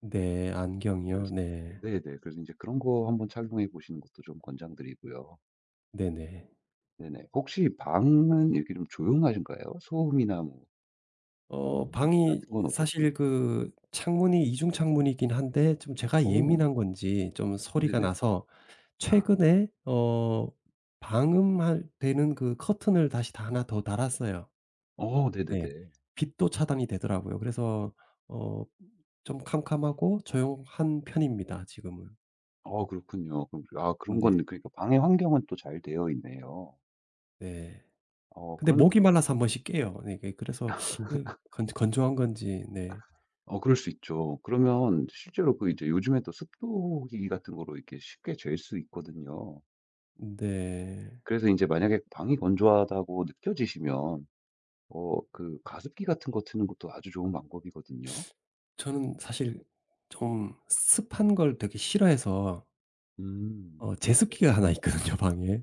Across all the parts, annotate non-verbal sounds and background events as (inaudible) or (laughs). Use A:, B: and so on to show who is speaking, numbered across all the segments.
A: 네. 안경이요?
B: 그래서
A: 네.
B: 네네 그래서 이제 그런 거 한번 착용해 보시는 것도 좀 권장드리고요.
A: 네네.
B: 네네. 혹시 방은 이렇게 좀 조용하신가요? 소음이나 뭐
A: 어.
B: 입
A: 방이
B: 같은 건
A: 사실
B: 어떻습니까?
A: 그 창문이 이중 창문이긴 한데 좀 제가
B: 어.
A: 예민한 건지 좀 소리가
B: 네네.
A: 나서
B: 아.
A: 최근에 어 방음할 되는 그 커튼을 다시 다 하나 더 달았어요.
B: 어.
A: 네.
B: 네네네.
A: 빛도 차단이 되더라고요. 그래서 어 좀 캄캄하고 조용한 편입니다 지금은.
B: 아 그렇군요. 그럼 아 그런
A: 네.
B: 건 그러니까 방의 환경은 또 잘 되어 있네요.
A: 네.
B: 어.
A: 근데
B: 그런
A: 목이 말라서 1 번씩 깨요. 이게 그래서 이게 건조 건조한 건지. 네.
B: (laughs) 어 그럴 수 있죠. 그러면 실제로 그 이제 요즘에 또 습도기 같은 거로 이렇게 쉽게 잴 수 있거든요.
A: 네.
B: 그래서 인제 만약에 방이 건조하다고 느껴지시면 어 그 가습기 같은 거 트는 것도 아주 좋은 방법이거든요.
A: 저는 사실 좀 습한 걸 되게 싫어해서
B: 음.
A: 어
B: 네.
A: 제습기가 하나 있거든요. 방에.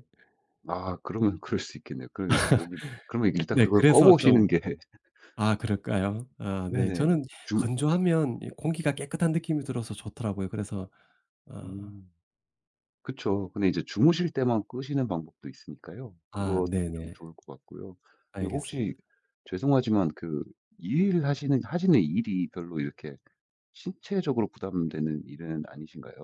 B: 아 그러면 그럴 수 있겠네요. 그러면 이제 목이 그러면
A: (laughs)
B: 일단
A: 네.
B: 그걸 꺼
A: 그래서 좀
B: 보시는 게
A: 아 그럴까요? 아 네.
B: 네네.
A: 저는
B: 주
A: 건조하면 이 공기가 깨끗한 느낌이 들어서 좋더라고요. 그래서 어
B: 음. 그쵸. 근데 이제 주무실 때만 끄시는 방법도 있으니까요
A: 아.
B: 그것도 좀
A: 네네.
B: 좋을 것 같고요. 그리고
A: 알겠습니다.
B: 혹시 죄송하지만 그 일을 하시는 하시는 일이 별로 이렇게 신체적으로 부담되는 일은 아니신가요?